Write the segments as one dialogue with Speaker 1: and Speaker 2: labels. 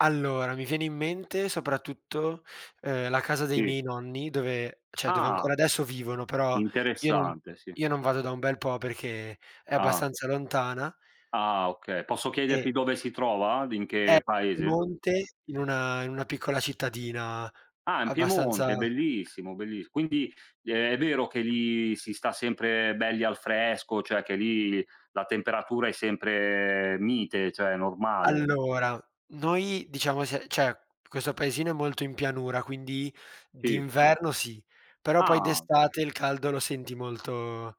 Speaker 1: Allora, mi viene in mente soprattutto, uhm, la casa dei
Speaker 2: Sì.
Speaker 1: miei nonni dove cioè, dove
Speaker 2: Ah!
Speaker 1: ancora adesso vivono, però io non
Speaker 2: Interessante, sì.
Speaker 1: io non vado da un bel po' perché è
Speaker 2: Ah.
Speaker 1: abbastanza lontana.
Speaker 2: Ah, okay. Posso
Speaker 1: E
Speaker 2: chiederti dove si trova? D in
Speaker 1: è
Speaker 2: che paese?
Speaker 1: Piemonte in una in una piccola cittadina
Speaker 2: Ah, in
Speaker 1: abbastanza
Speaker 2: Piemonte! Bellissimo bellis quindi, ehm, è vero che lì si sta sempre belli al fresco, cioè che lì la temperatura è sempre mite, cioè, normale?
Speaker 1: Allora, noi diciamo se c'è questo paesino è molto in pianura, quindi
Speaker 2: Sì.
Speaker 1: d'inverno sì, però poi
Speaker 2: Ah.
Speaker 1: d'estate il caldo lo senti molto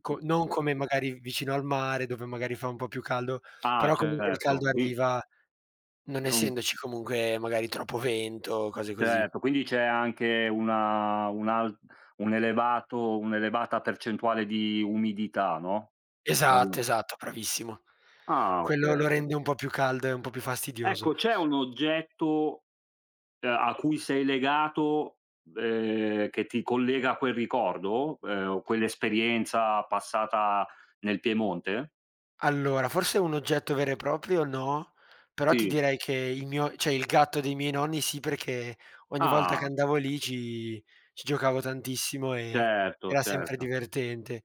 Speaker 1: co non come magari vicino al mare dove magari fa un po' più caldo,
Speaker 2: Ah,
Speaker 1: però comunque il caldo
Speaker 2: certo qui
Speaker 1: arriva, non
Speaker 2: Non
Speaker 1: essendoci comunque magari troppo vento o cose così.
Speaker 2: Certo. Quindi c'è anche una un'alt un elevato un'elevata percentuale di umidità, no?
Speaker 1: Esatto,
Speaker 2: [unintelligible]
Speaker 1: esatto, bravissimo.
Speaker 2: Ah, okay,
Speaker 1: Quello lo
Speaker 2: okay.
Speaker 1: rende un po' più caldo e un po' più fastidioso.
Speaker 2: Ecco, c'è un oggetto, uhm, a cui sei legato, ehm, che ti collega a quel ricordo, ehm, o quell'esperienza passata nel Piemonte?
Speaker 1: Allora forse un oggetto vero e proprio no, però ti
Speaker 2: Sì.
Speaker 1: direi che il mio cioè il gatto dei miei nonni sì, perché ogni volta che
Speaker 2: Ah!
Speaker 1: andavo lì ci ci giocavo tantissimo e
Speaker 2: Certo,
Speaker 1: era sempre
Speaker 2: certo.
Speaker 1: divertente.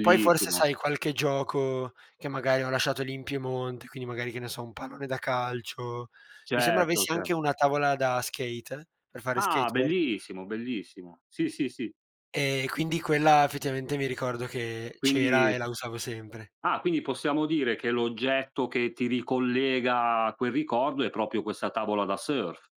Speaker 1: Poi forse sai, qualche gioco che magari ho lasciato lì in Piemonte, quindi magari, che ne so, un pallone da calcio, mi sembra
Speaker 2: Certo,
Speaker 1: avessi
Speaker 2: certo.
Speaker 1: anche una tavola da skate per fare
Speaker 2: Ah!
Speaker 1: skateboard.
Speaker 2: Bellissimo, bellissimo. Sì, sì, sì.
Speaker 1: E quindi quella effettivamente mi ricordo che c'era
Speaker 2: Quindi
Speaker 1: e la usavo sempre.
Speaker 2: Ah, quindi possiamo dire che l'oggetto che ti ricollega a quel ricordo è proprio questa tavola da surf.